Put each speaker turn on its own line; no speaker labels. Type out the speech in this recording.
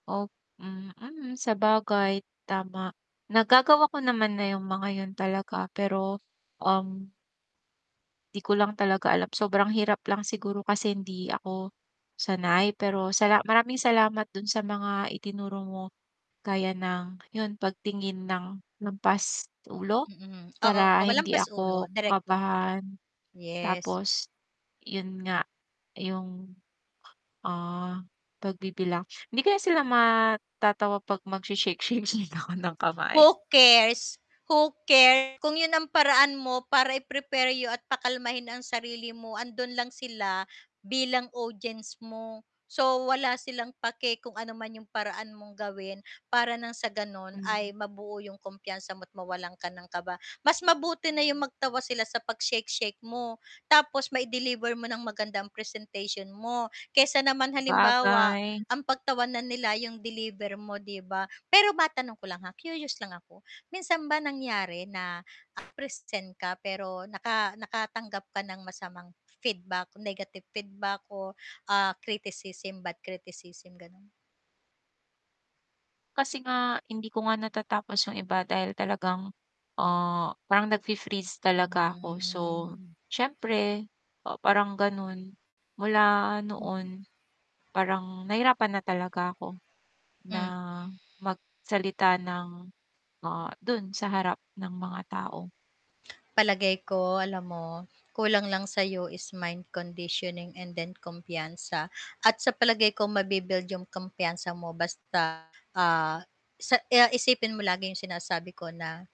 Op mm, sabagay, tama. Nagagawa ko naman na 'yung mga 'yun talaga pero, um 'di ko lang talaga alam, sobrang hirap lang siguro kasi hindi ako sanay, pero sala maraming salamat dun sa mga itinuro mo, gaya ng 'yun pagtingin ng lampas ulo,
Mm, oo,
Para
wa
hindi
lampas ulo,
ako
direkto.
kabahan,
Yes.
tapos 'yun nga, 'yung, ah, pagbibilang. Hindi kaya sila matatawa 'pag mag she-shake-shake-shake ako ng kamay?
Who cares, who cares, kung 'yun ang paraan mo para i-prepare you at pakalmahin ang sarili mo, andun lang sila bilang audience mo, so wala silang pake kung ano man 'yung paraan mong gawin para nang sa gano'n
Mhm.
ay mabuo 'yung kumpiyansa mo't mawalan ka ng kaba. Mas mabuti na 'yung magtawa sila sa 'pag shake-shake mo, tapos mai-deliver mo ng maganda ang presentation mo. Kaysa naman halimbawa
Sabagay.
ang pagtawanan nila 'yung deliver mo 'di ba? Pero matanong ko lang, ha, curious lang ako, minsan ba nangyari na present ka pero naka nakatanggap ka ng masamang feedback negative feedback o, ah, criticism bad criticism gano'n?
Kasi nga, hindi ko nga natatapos 'yung iba dahil talagang, ah, parang nag-fe-freeze talaga ako, so
Hmm.
siyempre o parang gano'n, mula
Mhm.
noon parang nahirapan na talaga ako, na
Hmm.
magsalita ng ah, dun sa harap ng mga tao.
Palagay ko alam mo, kulang lang sa'yo is mind conditioning and then kumpiyansa, at sa palagay ko mabi-build 'yung kumpiyansa mo basta, ah, sa ah, isipin mo lagi 'yung sinasabi ko na